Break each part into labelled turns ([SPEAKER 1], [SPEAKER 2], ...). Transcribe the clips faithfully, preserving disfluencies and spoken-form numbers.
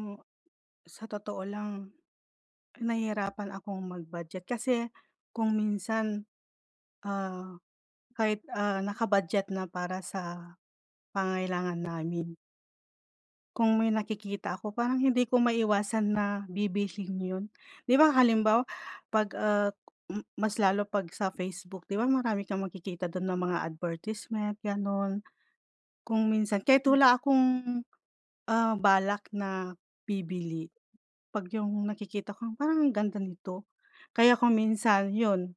[SPEAKER 1] Mo sa totoo lang, nahihirapan akong mag-budget kasi kung minsan, ah, kahit, ah, naka-budget na para sa pangangailangan namin kung may nakikita ako parang hindi ko maiwasan na bibilhin yun. Di ba halimbawa, 'pag, uh, m mas lalo 'pag sa Facebook. Di ba marami kang magkikita dun na mga advertisement, ganun. Kung minsan, kahit
[SPEAKER 2] Mm.
[SPEAKER 1] wala akong, ah, balak na bibili, 'pag yung nakikita ko, "Parang ang ganda nito." Kaya kung minsan yun,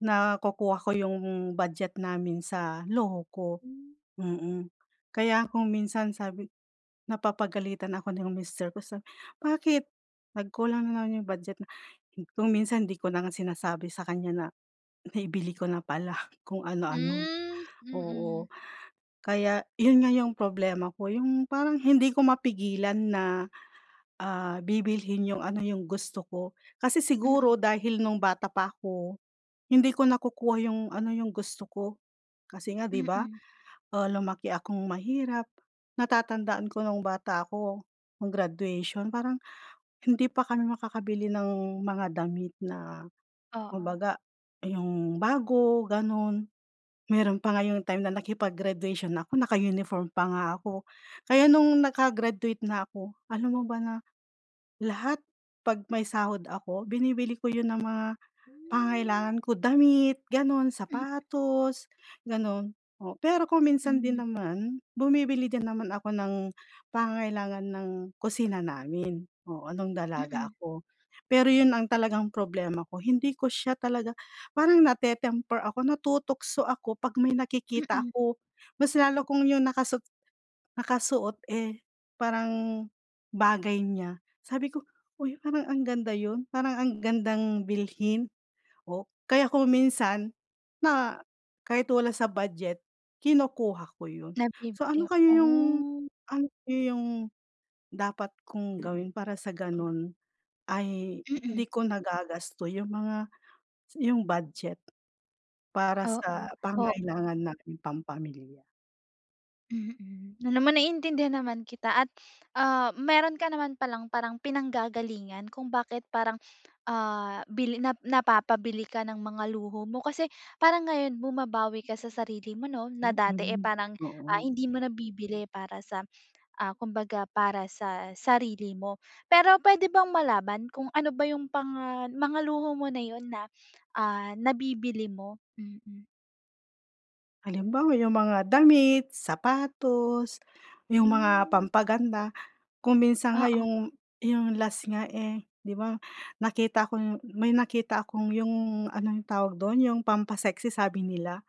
[SPEAKER 1] nakukuha ko yung budget namin sa luho ko,
[SPEAKER 2] Hmm.
[SPEAKER 1] mm. Kaya kung minsan, sabi napapagalitan ako ng mister ko sabi, "Bakit? Nagkulang na naman yung budget." Na kung minsan hindi ko na nga sinasabi sa kanya na naibili ko na pala, kung ano-ano,
[SPEAKER 2] Hmm,
[SPEAKER 1] oo.
[SPEAKER 2] mm.
[SPEAKER 1] Kaya yun nga yung problema ko, yung parang hindi ko mapigilan na, ah, bibilhin yung ano yung gusto ko. Kasi
[SPEAKER 2] Mm.
[SPEAKER 1] siguro, dahil nung bata pa ako, hindi ko nakukuha yung ano, yung gusto ko. Kasi nga di ba,
[SPEAKER 2] Mm.
[SPEAKER 1] ah, lumaki akong mahirap. Natatandaan ko nung bata ako, nung graduation. Parang hindi pa kami makakabili ng mga damit na kung
[SPEAKER 2] Oo.
[SPEAKER 1] baga, yung bago, ganun. Meron pa nga yung time na nakipag-graduation ako, naka-uniform pa nga ako. Kaya nung naka-graduate na ako, alam mo ba na lahat 'pag may sahod ako, binibili ko yun ng mga
[SPEAKER 2] Hmm.
[SPEAKER 1] pangangailangan ko. Damit, ganun.
[SPEAKER 2] Hmm.
[SPEAKER 1] Sapatos, ganun. Oo, pero kung minsan din
[SPEAKER 2] Hmm.
[SPEAKER 1] naman, bumibili din naman ako ng pangangailangan ng kusina namin, oo, nung dalaga
[SPEAKER 2] Mm.
[SPEAKER 1] ako. Pero yun ang talagang problema ko, hindi ko siya talaga parang nate-temper ako, natutukso ako 'pag may nakikita
[SPEAKER 2] Mm.
[SPEAKER 1] ako. Mas lalo kung yung nakasut nakasuot, eh, parang bagay niya. Sabi ko, "Uy, parang ang ganda yun. Parang ang gandang bilhin." O kaya kung minsan, na kahit wala sa budget, kinukuha ko yun. So, ano
[SPEAKER 2] Nabibili,
[SPEAKER 1] kaya yung
[SPEAKER 2] oh.
[SPEAKER 1] ang iyong dapat kong gawin para sa ganun ay hindi
[SPEAKER 2] Mm.
[SPEAKER 1] ko nagagasto yung mga yung budget para
[SPEAKER 2] Oo,
[SPEAKER 1] sa
[SPEAKER 2] oo.
[SPEAKER 1] pangangailangan naming pampamilya?
[SPEAKER 2] Mm. Alam mo, naiintindihan naman kita at, ah, meron ka naman palang parang pinanggagalingan kung bakit parang, ah, bili na napapabili ka ng mga luho mo. Kasi parang ngayon bumabawi ka sa sarili mo 'no na dati, eh,
[SPEAKER 1] Mm.
[SPEAKER 2] parang, ah,
[SPEAKER 1] Oo.
[SPEAKER 2] hindi mo nabibili para sa, ah, kumbaga para sa sarili mo. Pero puwede bang malaman kung ano ba yung panga mga luho mo na 'yun na, ah, nabibili mo? Mm.
[SPEAKER 1] Halimbawa yung mga damit, sapatos, yung mga
[SPEAKER 2] Hmm.
[SPEAKER 1] pampaganda. Kung minsan nga
[SPEAKER 2] Oo.
[SPEAKER 1] yung yung last nga, eh, 'di ba, nakita ko yung, may nakita akong yung ano, yung tawag dun, yung pampa-sexy sabi nila,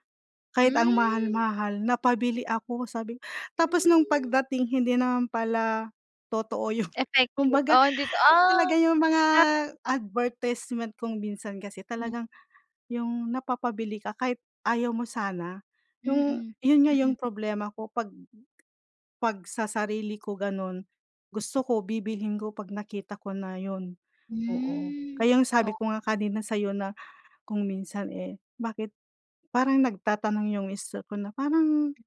[SPEAKER 1] kahit ang
[SPEAKER 2] Hmm.
[SPEAKER 1] mahal-mahal napabili ako sabi tapos nung
[SPEAKER 2] Hmm.
[SPEAKER 1] pagdating hindi naman pala totoo yun.
[SPEAKER 2] Effective,
[SPEAKER 1] Kumbaga,
[SPEAKER 2] oo, hindi ah,
[SPEAKER 1] talaga yung mga
[SPEAKER 2] scam.
[SPEAKER 1] advertisement kung minsan kasi
[SPEAKER 2] Hmm.
[SPEAKER 1] talagang, yung napapabili ka kahit ayaw mo sana. 'Yung
[SPEAKER 2] Mm,
[SPEAKER 1] yun nga
[SPEAKER 2] mm.
[SPEAKER 1] yung problema ko 'pag 'pag sa sarili ko ganun, gusto ko bibilhin ko 'pag nakita ko na yun, oo.
[SPEAKER 2] Hmm,
[SPEAKER 1] Kaya ang sabi ko
[SPEAKER 2] oo.
[SPEAKER 1] nga kanina sa'yo na kung minsan, eh, bakit parang nagtatanong yung mister ko na parang,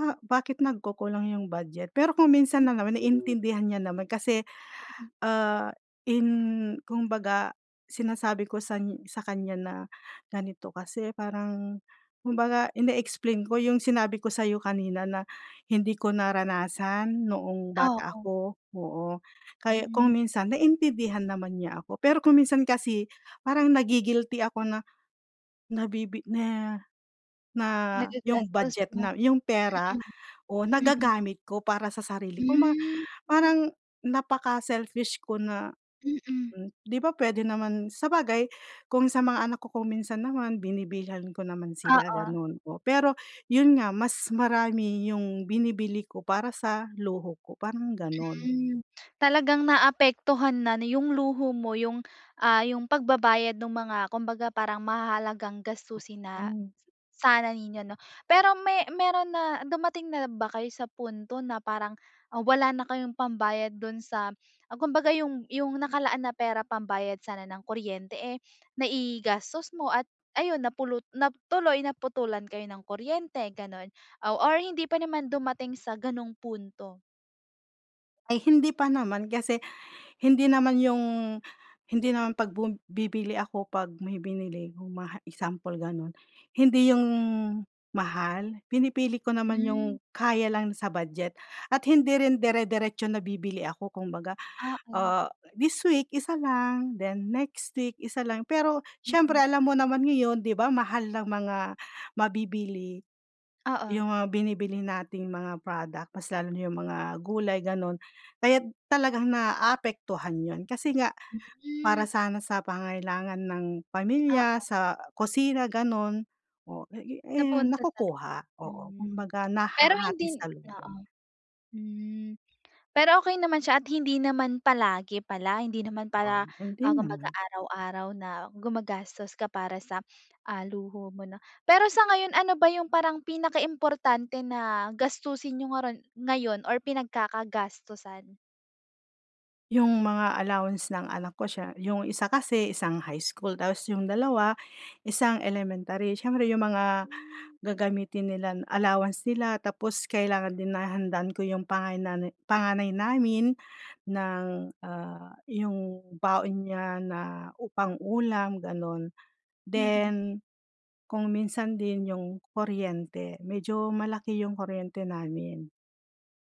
[SPEAKER 1] ah bakit nagkukulang yung budget? Pero kung minsan lang naman
[SPEAKER 2] Mm.
[SPEAKER 1] naintindihan niya naman kasi,
[SPEAKER 2] Hmm.
[SPEAKER 1] ah, in kumbaga sinasabi ko san sa kanya na ganito kasi, parang kumbaga ine-explain ko yung sinabi ko sa'yo kanina na hindi ko naranasan noong
[SPEAKER 2] Ah,
[SPEAKER 1] bata
[SPEAKER 2] oo.
[SPEAKER 1] ako, oo. Kaya kung
[SPEAKER 2] Mm.
[SPEAKER 1] minsan naintindihan naman niya ako. Pero kung minsan kasi parang nagi-guilty ako na, nabibi na na, yung
[SPEAKER 2] Nagagastos
[SPEAKER 1] budget
[SPEAKER 2] mo.
[SPEAKER 1] na, yung pera o
[SPEAKER 2] Mm, mm.
[SPEAKER 1] nagagamit ko para sa sarili, kumba
[SPEAKER 2] Hmm.
[SPEAKER 1] parang napaka-selfish ko na
[SPEAKER 2] Mm.
[SPEAKER 1] 'di ba puwede naman sabagay kung sa mga anak ko kung minsan naman binibilhan ko naman sila
[SPEAKER 2] Oo.
[SPEAKER 1] ganon, oh. Pero yun nga mas marami yung binibili ko para sa luho ko parang ganon.
[SPEAKER 2] Hmm, talagang naapektuhan na nu yung luho mo yung, ah, yung pagbabayad nung mga kumbaga parang mahahalagang gastusin na
[SPEAKER 1] Oo.
[SPEAKER 2] sana ninyo 'no. Pero me meron na, dumating na ba kayo sa punto na parang, ah, wala na kayong pambayad dun sa, ah, kumbaga yung yung nakalaan na pera pambayad sana ng kuryente, eh, naigastos mo at ayun napulut tuloy naputulan kayo ng kuryente ganun? Ow or hindi pa naman dumating sa ganong punto.
[SPEAKER 1] Ay, hindi pa naman. Kasi hindi naman yung hindi naman 'pag bum bibili ako 'pag may binili kung maha example, gano'n. Hindi yung mahal. Pinipili ko naman yung
[SPEAKER 2] Hmm.
[SPEAKER 1] kaya lang sa budget at hindi rin dere-deretso na bibili ako kumbaga.
[SPEAKER 2] Ah, oh.
[SPEAKER 1] Ah, this week isa lang, then next week, isa lang. Pero siyempre
[SPEAKER 2] Mm.
[SPEAKER 1] alam mo naman ngayon, di ba mahal ng mga mabibili. Yung
[SPEAKER 2] Oo.
[SPEAKER 1] mga binibili nating mga product, mas lalo na yung mga gulay, ganun. Kaya talagang naaapektuhan yun, kasi nga para
[SPEAKER 2] Mm.
[SPEAKER 1] sana sa pangangailangan ng
[SPEAKER 2] Ah,
[SPEAKER 1] pamilya,
[SPEAKER 2] oh.
[SPEAKER 1] sa kusina, ganun, oo, eh,
[SPEAKER 2] Napunta sa, [unintelligible]
[SPEAKER 1] nakukuha. Oo,
[SPEAKER 2] hmm.
[SPEAKER 1] kumbaga
[SPEAKER 2] Pero hindi
[SPEAKER 1] nahahati
[SPEAKER 2] oo,
[SPEAKER 1] salubong.
[SPEAKER 2] hmm. Pero okey naman siya at hindi naman palagi pala. Hindi naman
[SPEAKER 1] Ah,
[SPEAKER 2] pala,
[SPEAKER 1] hindi
[SPEAKER 2] ah, kumbaga
[SPEAKER 1] naman.
[SPEAKER 2] araw-araw na gumagastos ka para sa, ah, luho mo na Pero sa ngayon ano ba yung parang pinakaimportante na gastusin niyo ngarun ngayon or pinagkakagastusan?
[SPEAKER 1] Yung mga allowance ng anak ko siya yung isa kasi, isang high school, tapos yung dalawa, isang elementary, siyempre yung mga
[SPEAKER 2] Hmm.
[SPEAKER 1] gagamitin nila allowance nila. Tapos kailangan din na handaan ko yung pangaynane panganay namin ng, ah, yung baon niya na u pang-ulam gano'n.
[SPEAKER 2] Mm.
[SPEAKER 1] Then kung minsan din yung kuryente, medyo malaki yung kuryente namin.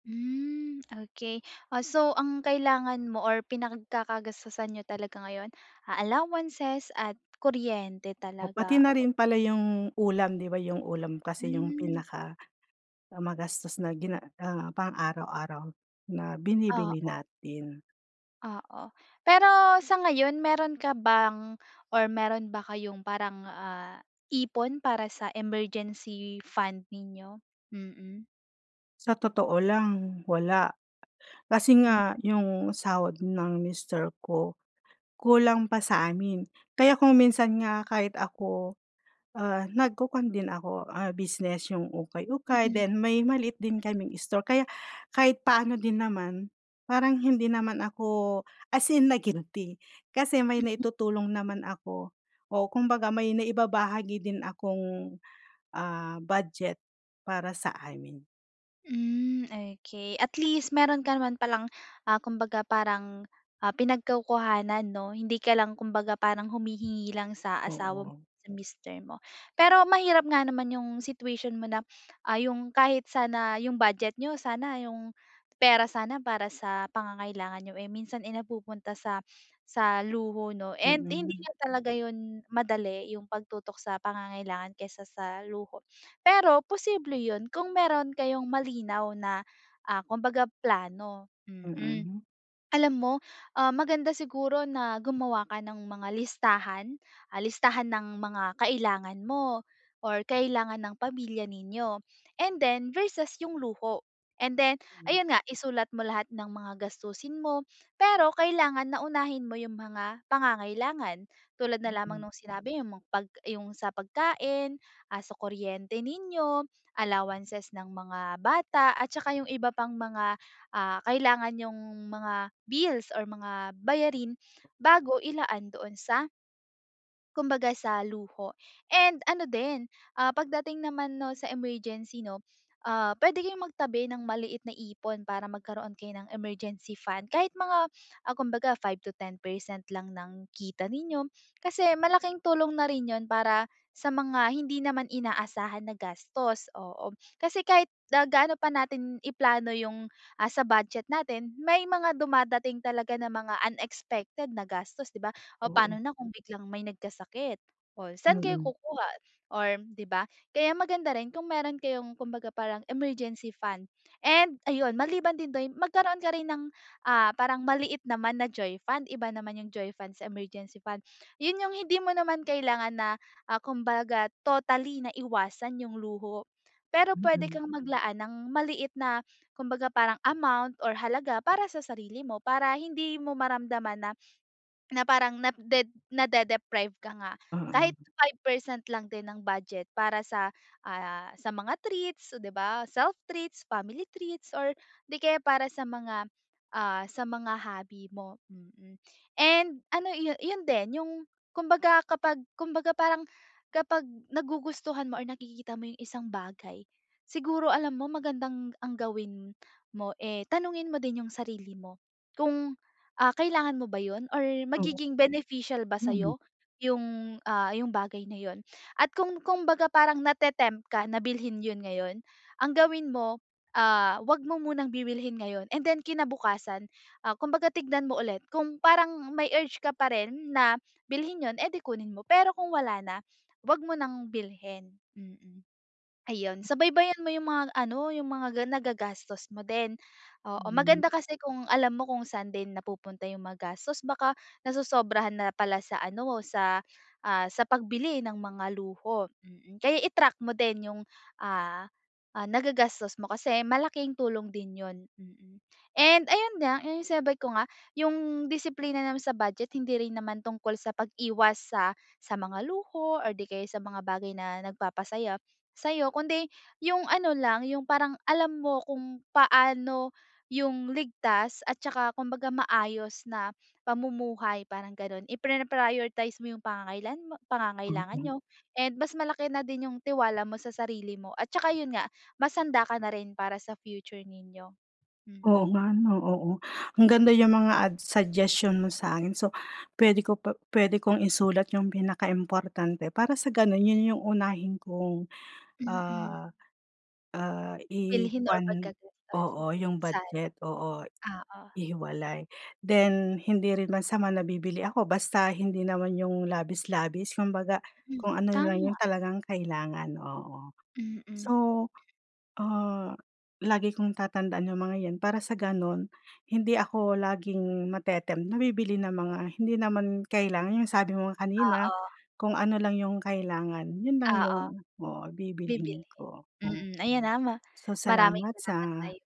[SPEAKER 2] Hmm, okey. Oh, so ang kailangan mo or pinagkakagastusan niyo talaga ngayon, ah, allowances at kuryente
[SPEAKER 1] O pati
[SPEAKER 2] talaga,
[SPEAKER 1] na
[SPEAKER 2] oo.
[SPEAKER 1] rin pala yung ulam, 'di ba, yung ulam kasi yung
[SPEAKER 2] Hmm.
[SPEAKER 1] pinaka, ah, magastos na gina ah, pang-araw-araw na binibili
[SPEAKER 2] Oo.
[SPEAKER 1] natin.
[SPEAKER 2] Oo. Pero sa ngayon, meron ka bang or meron ba kayong parang ah, ipon para sa emergency fund ninyo? Mm.
[SPEAKER 1] Sa totoo lang, wala. Kasi nga
[SPEAKER 2] Mm.
[SPEAKER 1] yung sahod ng mister ko, kulang pa sa amin. Kaya kung minsan nga, kahit ako, ah, nagkukwan din ako ah, business yung ukay-ukay
[SPEAKER 2] Mm.
[SPEAKER 1] then may maliit din kaming store, kaya kahit paano din naman parang hindi naman ako as in na-guilty kasi may
[SPEAKER 2] Mm.
[SPEAKER 1] naitutulong naman ako o kumbaga may naibabahagi din akong, ah, budget para sa amin.
[SPEAKER 2] Hmm, okey at least meron ka naman palang ah, kumbaga parang ah, pinagkukuhanan 'no, hindi ka lang kumbaga parang humihingi lang sa asawa mo,
[SPEAKER 1] Oo.
[SPEAKER 2] sa mister mo. Pero mahirap nga naman yung situation mo na, ah, yung kahit sana yung budget niyo sana, yung pera sana para sa pangangailangan niyo eh, minsan ay napupunta sa sa luho, 'no. And hindi
[SPEAKER 1] Mm.
[SPEAKER 2] nga talaga yun madali, yung pagtutok sa pangangailangan kaysa sa luho, pero posible yun kung meron kayong malinaw na ah, kumbaga plano, mm.
[SPEAKER 1] Mm.
[SPEAKER 2] Alam mo ah, maganda siguro na gumawa ka ng mga listahan, ah, listahan ng mga kailangan mo or kailangan ng pamilya ninyo, and then versus yung luho. And then
[SPEAKER 1] Mm.
[SPEAKER 2] ayun nga isulat mo lahat ng mga gastusin mo, pero kailangan na unahin mo yung mga pangangailangan. Tulad na lamang
[SPEAKER 1] Mm.
[SPEAKER 2] no'ng sinabi mo 'pag yung sa pagkain, ah, sa kuryente ninyo, allowances ng mga bata at saka yung iba pang mga ah, kailangan, nyo'ng mga bills or mga bayarin bago ilaan doon sa Kumbaga, sa luho. And ano din, ah, pagdating naman 'no, sa emergency 'no, ah, puwede kayong magtabi ng maliit na ipon para magkaroon kayo ng emergency fund kahit mga, ah, kumbaga five to ten percent lang ng kita ninyo, kasi malaking tulong na rin yun para, sa mga hindi naman inaasahan na gastos, oo. Kasi kahit na gaano pa natin i-plano yung, ah, sa budget natin, may mga dumadating talaga na mga unexpected na gastos, 'di ba? Oh, pano
[SPEAKER 1] Oo.
[SPEAKER 2] na kung biglang may nagkasakit, o saan kayo
[SPEAKER 1] Mm.
[SPEAKER 2] kukuha, or, 'di ba? Kaya maganda rin kung meron kayong kumbaga parang emergency fund, and ayun, maliban din doyn, magkaroon ka rin ng, ah, parang maliit naman na joy fund, iba naman yung joy fund sa emergency fund. Yun yung hindi mo naman kailangan na, ah, kumbaga totally na iwasan yung luho, pero puwede
[SPEAKER 1] Mm.
[SPEAKER 2] kang maglaan ng maliit na, kumbaga parang amount, or halaga para sa sarili mo, para hindi mo maramdaman na, na parang na de nade-deprived ka nga. Kahit
[SPEAKER 1] Oo.
[SPEAKER 2] five percent lang din ng budget para sa, ah, sa mga treats, 'di ba, self treats, family treats or 'di kaya para sa mga, ah, sa mga hobby mo, mm. And ano iyo yun din yung, kumbaga kapag, kumbaga parang, kapag nagugustuhan mo or nakikita mo yung isang bagay, siguro alam mo, magandang ang gawin mo, eh, tanungin mo din yung sarili mo. Kung, ah, kailangan mo ba yun, or
[SPEAKER 1] Oo.
[SPEAKER 2] magiging beneficial ba
[SPEAKER 1] Mm.
[SPEAKER 2] sa'yo, yung, ah, yung bagay na yun? At kung kumbaga parang nate-tempt ka na bilhin yun ngayon, ang gawin mo, ah, huwag mo munang bibilhin ngayon and then kinabukasan, ah, kumbaga tignan mo ulit kung parang may urge ka pa rin na bilhin yun, eh, di kunin mo. Pero kung wala na, huwag mo ng bilhin, mm. Ayun, subaybayan mo yung mga ano, yung mga ga nagagastos mo din, oo.
[SPEAKER 1] Hmm.
[SPEAKER 2] Maganda kasi kung alam mo kung saan din napupunta yung mga magastos baka, nasosobrahan na pala sa ano, sa, ah, sa pagbili ng mga luho, mm. Kaya i-track mo din yung ah, ah, nagagastos mo kasi malaking tulong din yun, mm. And, ayun nga, yung sinabi ko nga yung disiplina naman sa budget, hindi rin naman tungkol sa pag-iwas sa, sa mga luho, or di kaya sa mga bagay na nagpapasaya sa'yo, kundi yung ano lang, yung parang, alam mo kung paano yung ligtas at tsaka kumbaga maayos na pamumuhay, parang ganun. Iprina-prioritize mo yung pangangailan mo pangangailangan
[SPEAKER 1] Okey.
[SPEAKER 2] niyo and mas malaki na din yung tiwala mo sa sarili mo, at tsaka yun nga, mas handa ka na rin para sa future ninyo,
[SPEAKER 1] Oo
[SPEAKER 2] mm.
[SPEAKER 1] nga ano, oo, ang ganda yung mga ads suggestion mo sa akin, so, puwede ko pa puwede kong isulat yung pinaka importante para sa ganon, yun yung unahin kong
[SPEAKER 2] Mm.
[SPEAKER 1] ah, ah,
[SPEAKER 2] Bilhin or
[SPEAKER 1] i-kuwan oo, yung
[SPEAKER 2] pagkakagastusan.
[SPEAKER 1] budget, oo,
[SPEAKER 2] Oo.
[SPEAKER 1] ihiwalay. Then, hindi rin masama na bibili ako, basta hindi naman yung labis-labis kumbaga,
[SPEAKER 2] Mm,
[SPEAKER 1] kung ano lang yung
[SPEAKER 2] tama.
[SPEAKER 1] talagang kailangan, oo.
[SPEAKER 2] Mm.
[SPEAKER 1] So, ah, lagi kong tatandaan yung mga yan, para sa gano'n hindi ako laging mate-tempt na bibili ng mga hindi naman kailangan, yung sabi mo nga kanina,
[SPEAKER 2] Oo.
[SPEAKER 1] kung ano lang yung kailangan yun lang
[SPEAKER 2] Oo.
[SPEAKER 1] yung oo, bibilhin
[SPEAKER 2] Bibilhin
[SPEAKER 1] ko. Hmm.
[SPEAKER 2] mm, ayan ah, ma
[SPEAKER 1] So,
[SPEAKER 2] maraming
[SPEAKER 1] salamat
[SPEAKER 2] salamat
[SPEAKER 1] sa
[SPEAKER 2] sa'yo.